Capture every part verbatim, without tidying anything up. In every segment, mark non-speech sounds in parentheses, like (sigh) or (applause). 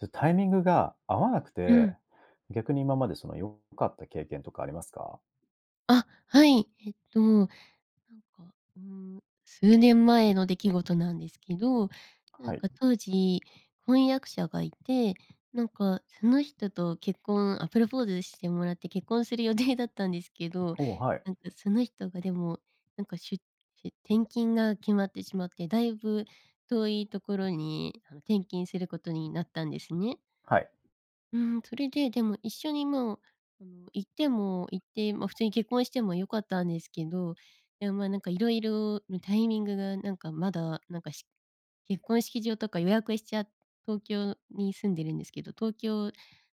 ど、タイミングが合わなくうて、ん。逆に今までその、良かった経験とかありますか？あ、はい。えっと、なんか、うーん、数年前の出来事なんですけど、なはんい。か当時、婚約者がいて、なんかその人と結婚あ、プロポーズしてもらって結婚する予定だったんですけど、おお、はい。なんかその人が、でもなんか、しゅしゅ転勤が決まってしまって、だいぶ遠いところに、あの、転勤することになったんですね。はい。うーん。それで、でも一緒にもう、あの、行っても、行って、まあ、普通に結婚しても良かったんですけど、でも、まあ、なんか、色々のタイミングがなんか、まだなんか、し結婚式場とか予約しちゃっ東京に住んでるんですけど、東京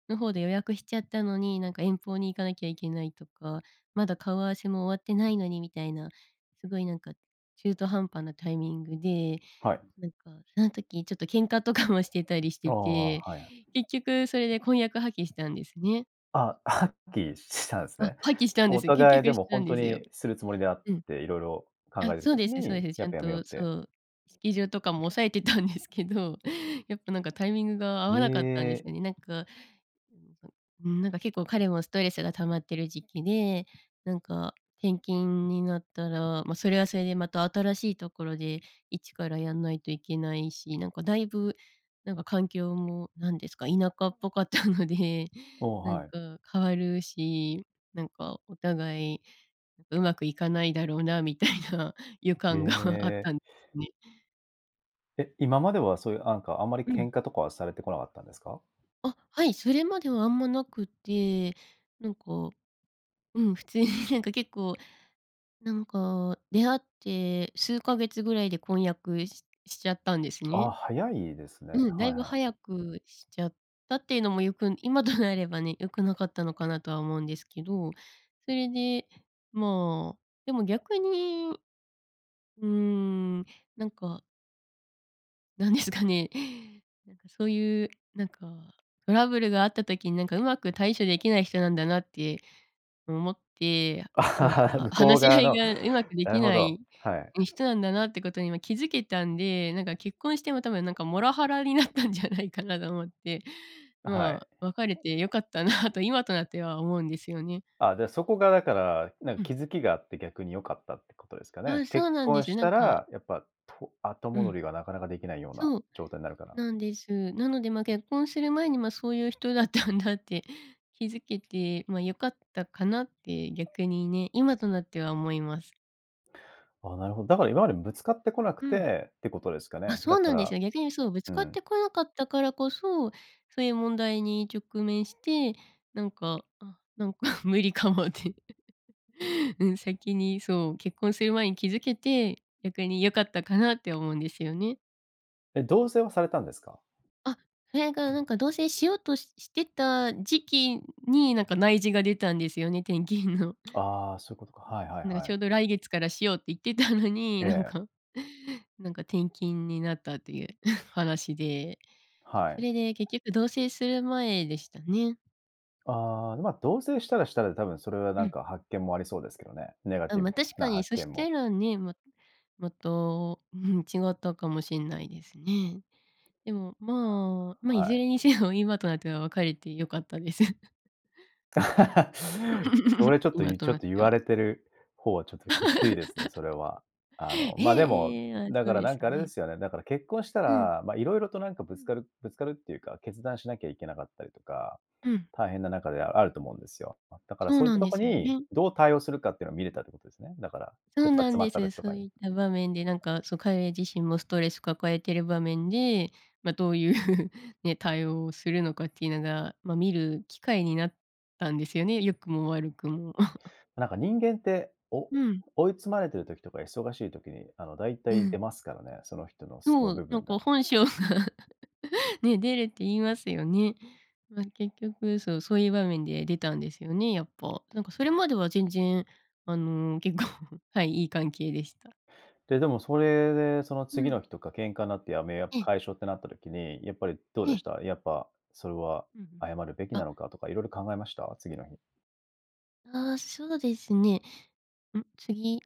の方で予約しちゃったのに、なんか遠方に行かなきゃいけないとか、まだ顔合わせも終わってないのにみたいな、すごいなんか、中途半端なタイミングで、はい。なんか、そん時ちょっと喧嘩とかもしてたりしおてお、て、はいはい。結局それで婚約破棄したんですね。あ、破棄したんすあ、ね。破棄したんでおすよ。結互いで局しもたほんんとですよ。にするつもりであっうん。て、色々考あ、えてるそう時ですね、そうに、です。ちやっゃんぱやめようっとそて。う、式場とかも押さえてたんですけど、やっぱなんか、タイミングが合わなかったんでえ！すよね。なんか、うーん、そんうーん、なんか、結構彼もストレスが溜まってる時期で、なんか転勤になったら、ま、それはそれでまた新しいところで、一からやんないといけないし、なんか、だいぶなんか、環境も何ですか、田舎っぽかったので、おお、なんはい。か変わるし、なんかお互い、上手くいかないだろうな、みたいな予へ感があっえ。たん、ね。え、今までは、そういう、あんか、あんまりう喧ん。嘩とかはされてこなかったんですか？あ、はい、それまではあんまなくて、なんか、うん、普通になんか、結構なんか、出会って数ヶ月ぐらいで婚約ししちゃったんですあ、ね。早いですね。うん、だはいいぶはい。早くしちゃったっていうのも、よく今となればね、良くなかったのかなとは思うんですけど、それで、まあ、でも逆に、うーん、なんか何ですかね、なんかそういう、なんかトラブルがあった時に、なんかうまく対処できない人なんだなって思って、なん (laughs) か向こう話し側合いの、が上手くでなるきほなど、いはい。人なんだなってことに、ま、気づけたんで、なんか結婚しても多分なんかモラハラになったんじゃないかなと思って、あ、はまい。あ、別れて良かったなと今となっては思うんですよね。あ、じゃあ、そこがだから、なんうん。気づきがあって、逆に良かったってことですかね。あ、そう結なんで婚す。しなたんから、やっぱ、と後う戻ん。りがなかなかできないようなそう、状態なるから。なんです。なので、まあ、結婚する前に、ま、そういう人だったんだって気づけて、まあ、良かったかな？って、逆にね、今となっては思います。あ、なるほど、だから今までぶつかってこなくうん。てって、ことですかあ、ね？そだうかなんですらよ、逆にそう、ぶつうかっん。てこなかったからこそ、そういう問題に直面して、なんか、あ、なんか無理かもって。(laughs) うん、先に、そう、結婚する前に気づけて、逆に良かったかなって思うんですよね。え、同棲はされたんですか？あ、それがなんか同棲しようとししてた時期に、なんか内示が出たんですよね、転勤の。ああ、そういうことか。はいはいなんか、はちい。ょうど来月からしようって言ってたのに、えなんえ。か、なんか転勤になったっていう (chuckles) 話で、はそい。れで結局同棲する前でしたね。ああ、まあ、同棲したらしたで、多分それはうなんん。か発見もありそうですけどね、ネガあ、ティま、ブ確なかに発そし見も。たらね、ももっと、うん、違ったかもしんないですね。でも、まあ、ま、はいずい。れにせよ今となっては、別れて良かったです。(chuckles) (laughs) それ (laughs) ちょっと、今いちとょっなっと言てわは。れてる方は、ちょっときついですね、それは。あの、(laughs) まあ、でも、ええ、あ、だそかうらでなすんか、あれでね。すよね、だから結婚したうん。ら、まあ、色々となんかうぶつん。かるぶつかるっていうか、決断しなきゃいけなかったりとか、うん。大変な中ではあると思うんですよ。だからそうそういっなたんとでこすよに、ね。どう対応するかっていうのは見れたってことですね。だから、そう切羽な詰んまっでたす。時とそかうに。いった場面で、なんか、その彼自身もストレス抱えてる場面で、まあ、どういう、(chuckles) ね、対応をするのかっていうのが、まあ、見る機会になったんですよね、良くも悪くも。(chuckles) なんか人間って、おうん。追い詰まれてる時とか忙しい時に、あの、大う体出ん。ますからね、その人の素のそ部う、なん分かが。本性が (laughs) ね、出るって言いますよね。ま、結局そう、そういう場面で出たんですよね、やっぱ。なんかそれまでは全然、あの、結構、(chuckles) はい、いい関係でした。で、でもそれで、そのう次ん。の日とか喧嘩なって辞め、やっぱええ。解消ってなった時に、やっぱりどうえでしえ。た？やっぱ、それはうんうん。謝るべきなあ。のかとか、色々考えました？次の日。ああ、そうですね。ん、次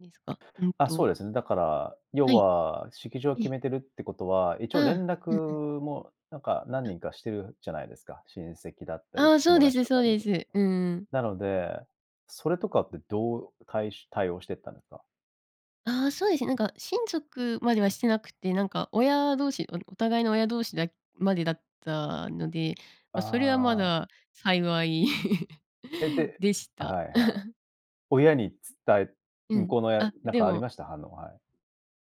ですか？うんあ、そとうですね。だから、要はい。は式場はえ決え。めてるってことは、一あ応連あ、絡うんうん。もなんか何あ。人かしてるじゃないですか？親戚だったあり、あ、そう友で達すとそかうに。です。うんうん。なので、それとかってどうたいし対応してったんですか？あ、そうですね。なんか親族まではしてなくて、なんか親同士、あの、お互いの親同士だまでだったので、あま、それはまあ。だ幸い、え、(laughs) ででしはた。いはい。親に伝え (laughs) う向ん。こうの親、あ、なんでかありもました、反応、はい。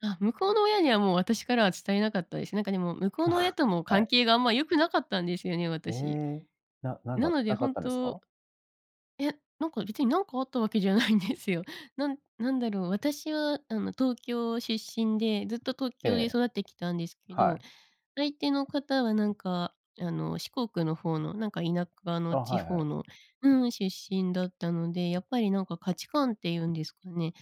あ、向こうの親には、もう私からは伝えなかったです。なんかでも向こうの親と (chuckles) も、は関い。係があんま良くなかったんですよね、私。え、ななんなが、のでなんかあっ本たんです当か？いや、なんか別に何かあったわけじゃないんですよ。なんなんだろう、私はあの、東京出身で、ずっと東え京でえ。育ってきたんですけはど、い。相手の方はなんか、あの、四国の方の、なんか田舎あ、の地はいは方い。のうーん、出身だったので、やっぱりなんか価値観っていうんですかね。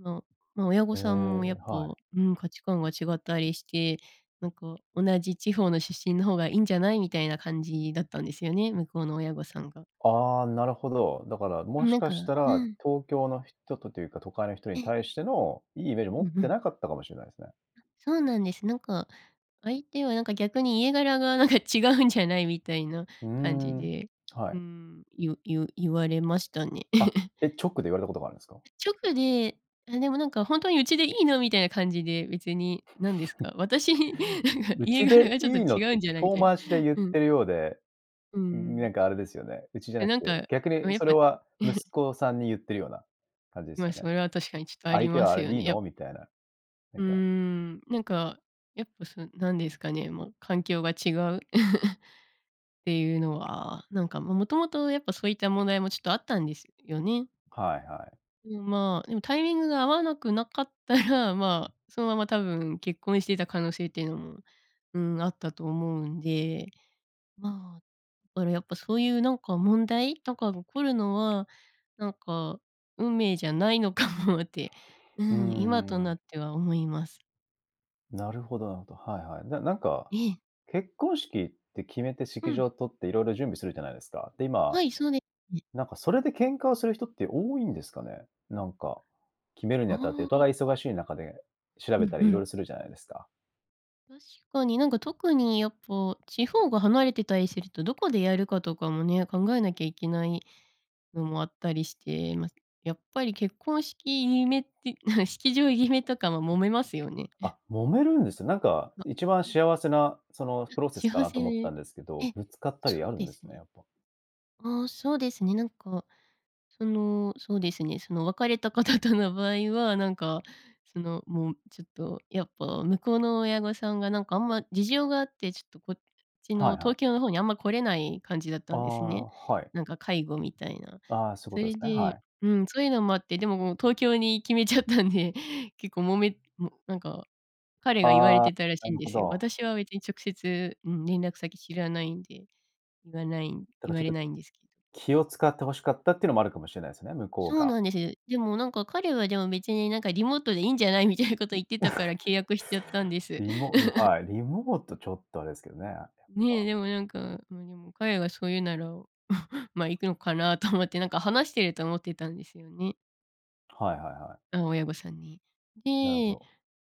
あの、まあ、親御へさんもやえ、っぱ、はうい。ーん、価値観が違ったりして、なんか「同じ地方の出身の方がいいんじゃない？」みたいな感じだったんですよね、向こうの親御さんが。ああ、なるほど。だからうもん、しなんかかしたうら、ん。東京の人とというか、都会の人にええ。対しての良いイメージ持うっんうてん。なかったかもしれないですね。あ、そうなんです。なんか、相手はなんか、逆に、家柄がなんか違うんじゃない？みたいなうー感じん、で、はうーい。ん、ゆゆゆわれましたね。あ、(giggles) え！直で言われたことがあるんすか？直であ、でも「なんかほんとにうちでいいの？」みたいな感じで、別になんですか？(chuckles) 私なんか、「う家ち柄でがちょっといいの？」っ違うて、んじゃないみ遠たいな。回しで言っうん。てるようで、うーん、ういいなん。んかあれですよね、うちじゃえ、なくなんて、か、逆うにん、やっそれぱは、(giggles) 息子さんに言ってるような、感じですま、よねそれは確かにちょっとあ「相り手まはあすれよでいいね。やっの？」みたいな、なうんーかん、なんか、やっぱ、そう、なんですかね、もう環境が違う、(laughs) っていうのは、なんか、ま、元々やっぱそういった問題も、ちょっとあったんですよね。はいはい。うん、まあ、でもタイミングが合わなくなかったら、まあ、そのまま多分結婚していた可能性っていうのも、うーん、あったと思うんで、まあ、からやっぱそういうなんか、問題とかが起こるのは、なんか、運命じゃないのかもって、ううん、ん今うんとうん。なっては思います。なるほどなるほど。はいはい。じゃ、なんか、ええ。結婚式って決めてう式場ん。を取って、色々準備するじゃないですか。で、今、はい、そうでね。なんか、それで喧嘩をする人って多いんですかね。なんか、決めるあにあたって、おあ。互い忙しい中で調うべんたうり色々ん。するじゃないですか。確かに、なんか特にやっぱ、地方が離れてたりすると、どこでやるかとかもね、考えなきゃいけないのもあったりして、まあ、やっぱり結婚式決めって、(chuckles) 式場決めとかも揉めますよね。(chuckles) あ、揉めるんです。なんか、ま、一番うん。幸せなそのあ、プロセスか幸なとせ思ったえ、んですけど、ぶつかったりそあうるんでですすね、ね。やっぱ。ああ、そうですね、なんか、その、そうですね、その、別れた方との場合は、なんか、その、もう、ちょっとやっぱ、向こうの親御さんがなんか、あんま事情があって、ちょっとこっちはのいは東い。京の方に、あんま来れない感じだっあたんですあ、ね。はい。なんか介護みたいな。ああ、そういうこそとでれすね、はでい。うん、そういうのもあって、でももう東京に決めちゃったんで、結構もめも、なんか、彼が言われああ、てたらしないんるでほすよ。ど。私は別に直接、うん、連絡先知らないんで。言わないだか言わちょっれと、ないんですけど。気を遣って欲しかったってのもあるかもしれないすね、向こうそうが。なんです。でも、なんか、彼はでも「別になんかリモートでいいんじゃない？」みたいなこと言 (chuckles) ってたから契約しちゃったんです。リモうん、(chuckles) はい、リモートちょっとあれですけどね、やっねえ、ぱ。でもなんか、まあ、でも彼がそう言うなら、(chuckles) ま、行くのかなと思って、なんか話してると思ってたんですよね。はいはいはい。あ、親御さんに。なるほでど。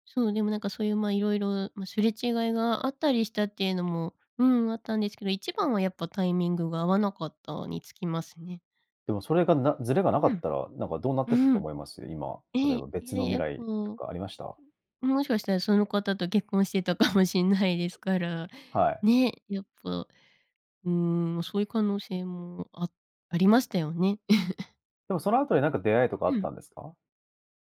そう、でもなんかそういう、ま、色々、ま、すれ違いがあったりしたっていうのも、うん、あったんですけど、一番はやっぱタイミングが合わなかったにつきますね。でもそれがなずれがなかうっん。たら、なんかどうなってったうとん。思います？今、例えええ、ばい別や、の未やっぱ来とうかありました？ん、もしかしたらその方と結婚してたかもしんないですから、はい。ね、やっぱ、うーん、そういう可能性も、あありましたよね。(chuckles) でも、その後になんか、出会いとかあうっん。たんですか？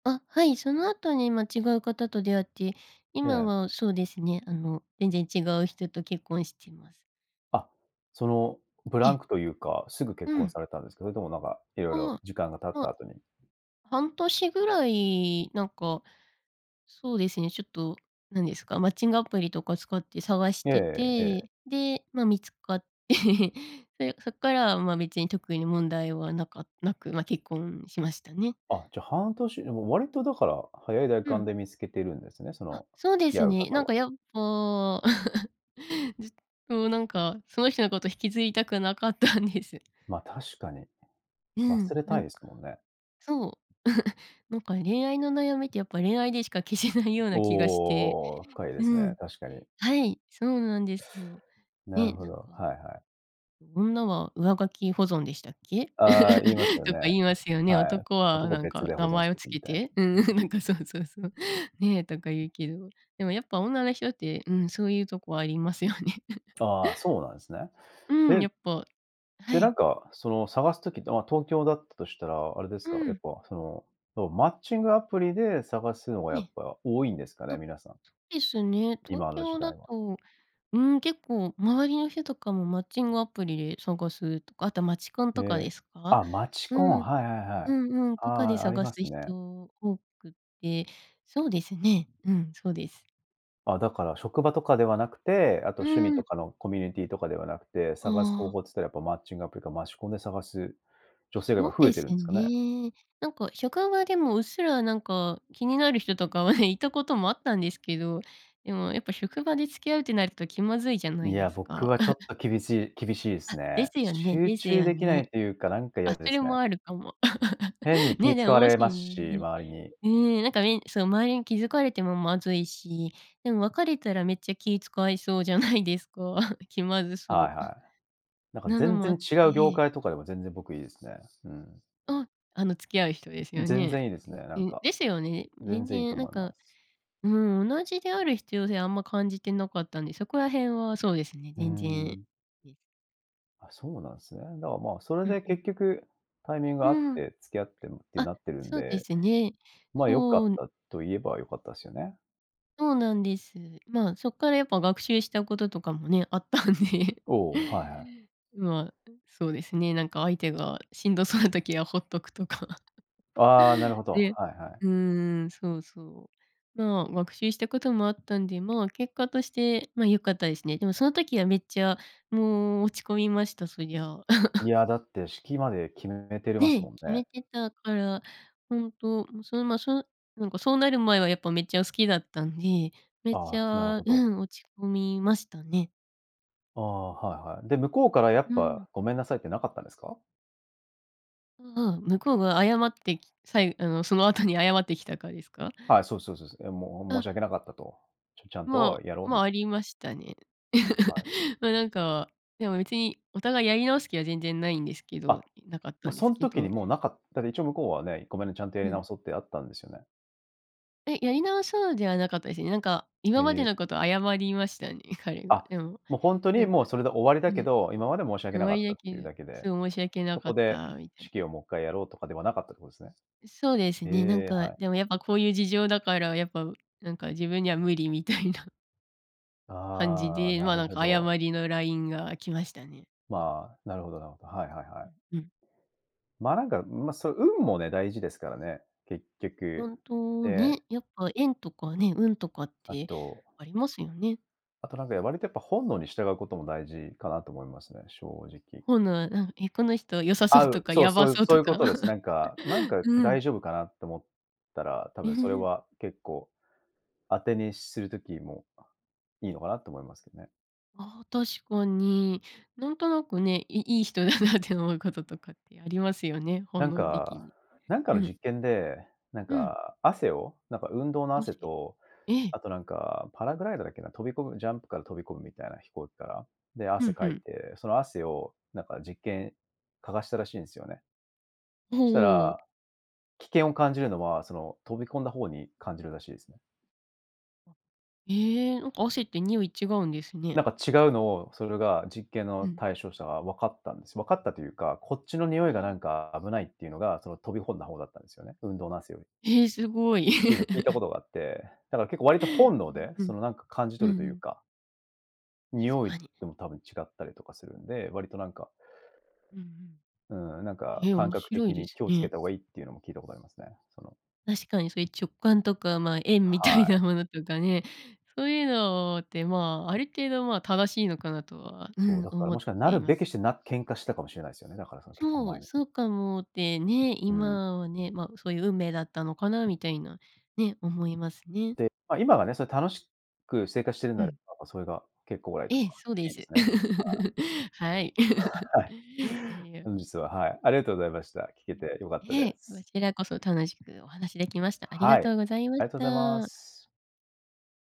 あ、はい、その後に、ま、違う方と出会って、え今え。はそうですね、あの、全然違う人と結婚してます。あ、その、ブえランえ。クというか、すぐ結う婚ん。されたんですか？それともなんか、いろいろあ、時間が経ったま、後に。半年ぐらいなんか。そうですね、ちょっと何ですか、マッチングアプリとか使って探しえてえええ。て、で、ま、見つかって (laughs) それそっからは、ま、別に特に問題はなかなく、ま、結婚しましたね。あ、じゃあ、半年でも、割とだから、早いだいうかんん。で見つけてるんですね、そあ、の、そう付できす合うね。方なんは。かやっぱ。(laughs) ずっとなんか、その人のことを引きずりたくなかったんです。ま、確かに、うん、忘れなたいんでか、すもんね。そう、(chuckles) なんか恋愛の悩みって、やっぱ恋愛でしか消せないような気がして、おお、深いですうね、ん、確かに。はい、そうなんですよ。なるね、ほなんど、かはいはい。女は上書き保存でしたっけ？ああ、言いま (laughs) すよとね。か言いますよね。はい。男は男何別かで保名存し前をていくみ付けたいな。て？うんうん、なんかそうそうそう。ね、とか言うけど、でもやっぱ女の人って、うん、そういうとこありますよね。(chuckles) ああ、そうなんすね。うん、でやっぱはで、ない。んか、その、探す時って、ま、東京だったとしたら、あれですうか、えっん。ぱ、その、そうマッチングアプリで探すのがえやっえ。ぱ多いんですかね？あ、皆さん。ですね。東今の時京だ代は。と、うーん、結構周りの人とかもマッチングアプリで探すとか、あと街コンへとかでえ、すか？あ、街うコン、ん、はいはいはうい。んうん、あとかであ、あり探ますすね。人多くて、そうですね、うん、そうです。あ、だから職場とかではなくて、あとう趣味ーとん。かのコミュニティとかではなくて、あ探す方あ。法つったらやっぱ、マッチングアプリか街コンで探す女性がそ今、う増えでてするんですかね？ね、なんか職場でも、うっすらなんか気になる人とかはね、いたこともあったんですけど、でもやっぱ職場で付き合うってなると気まずいじゃないいや、です僕か。はちょっ (laughs) と厳しい厳しいですあ、でね。すよね集です中よできなね、いというか、なんかあ、嫌でそれすね。もあるかも。(laughs) 変にね、気で使も、わもし、れますし、周りに。ね、なんかね、その周りに気づかれてもまずいし、でも別れたらめっちゃ気遣いそうじゃないですか、気まずはそいうは (chuckles) い、なんかなの全もあ然っ違う業て。界とかでも、全然僕いいですね、うん。あ、あの付き合う人ですよ全ね。然いいですね、なうんん、か、ですよね。全全然いいと然なん思いまかす。うーん、同じである必要性あんま感じてなかったんで、そこら辺はそうですね、うー全然、ん。で。あ、そうなんすね、だ、ま、それうんでう結ん。局、タイミングう合っーん、て、付き合ってむってあ、なってるんそうでで、すね、ま、良かそっんたと言えば良かったっすよね。そうなんです、まあ、そっからやっぱ学習したこととかもね、あったんでお、はいはい。まあ、そうですね、なんか相手がしんどそうな時はほっとくとか。あ、なるほど、ではいはい。うーん。そうそう。まあ学習したこともあったんで、まあ結果として、ま、良かったですね。でもその時はめっちゃもう、落ち込みました、そりゃ。い (laughs) や、だって、式まで決めてるますね、もん決ね。めてたから、本当、うん、そのま、その、なんかそうなる前はやっぱめっちゃ好きだったんで、めっあちあ、なるゃほうど。ん、落ち込みましたね。ああ、はいはい。で、向こうからやっううぱ、ん。ごめんなさいってなかったんですか？ああ、向こうが謝ってき、さえあの、その後に謝ってきたかですか？はい、そうそうそうそう。え、もう、申あ。し訳なかったと、ちょちゃんとまあ、やろうみま、ありましたね。はい。(laughs) ま、なんか、でも別にお互いやり直す気は全然ないんですけどあ、なかったもうんでそすんけ時ど。にもうなかった、で、一応向こうはね、ごめんね、ちゃんとやうりん。直そうってあったんですよね。え、やり直そうではなかったですね。なんか今までえ。のことを謝りましたね、彼が。あ、でも、もうほんとなにんもうかそれで終わりだうん、けもうど、今まで申しわけ終なわかっりたやっけていううだけで、すごい申し訳なそかこっでたみたい式な。をもうもっかいやろうとかではなかったってことですね。そうですえね。なんえ、か、はい。でもやっぱこういう事情だから、やっぱなんか自分には無理みたいな感じああ、で、なまあ、るなんほかど。誤りの LINE が来ましたね。まあ、なるほどなるほど。はいはいうはい。んうん。ま、なんか、ま、そう、運もね、大事ですからね、結局、本当でね、やっぱ縁とかね、運とかっあてとありますよね。あと、なんか割とやっぱ本能に従うことも大事かなと思いますね、正直。本能、なん、え、この人良さそ合ううとかそう、やばそういそうそうというこか？とです。な (laughs) んかなんかう大ん。丈夫かなと思ったら、多ん分ふそれふ。は結構、当てにする時も、いいのかなと思いますけどね。ああ、確かに。なんとなくね、いいい人だなって思うこととかってありますよね、な本ん能的か、に。なんかうのん。実験で、なんうん。か汗を？なんか運動の汗汗？と、ええ。あと、なんか、パラグライダーだっけな、飛び込むジャンプから飛び込むみたいな飛行機から。で、ふ汗んふかいん。て、その汗をなんか実験、嗅がしたらしいんすよね。したほう。ら、危険を感じるのは、その、飛び込んだ方に感じるらしいすね。あっ、え！なんか汗って臭い違うんですね。なんか違うのを、それが実験うのん。対象者が分かったんです。分かったというか、こっちのへ臭いがなえ。んか危ないっていうのが、その飛びほんだ方だったんですよね、運動の汗より。へえ、すごい。っていうのを聞いたこ (laughs) とがあって、だから結構割と本能うんで、うそん。のなんか感じう取るんとういうん。か。臭確いかに。でも多分違ったりとかするんで、割となんかうんうん。うーん、なんかえ、感面覚白い的でにす気を付けね。た方がいいっていうのも、聞いたことありますね。その確かにそういう直感とか、ま、縁みたいはい。なものとかね。そういうのって、ま、ある程度、ま、正しいのかなとは、うそう、ん、だから、思もっしかなてるいまべす。きしてなっ喧嘩したかもしれないすよね、だからその結婚そ前う、に。そうかもってね、うーん。今はね、まあ、そういう運命だったのかな？みたいな、ね、思いますね。で、ま、今はね、それ、楽しく生活しているんでうあれん。ば、それが結果オーライとかええ、そうでいいです。すね。はい。(laughs) はい。(chuckles) はい。(laughs) いや。本日は、はい、ありがとうございました。聞うけん、て良かったでええ、す。こちらこそ楽しくお話できました。ありがはとい。うございまありがとうございまた。す。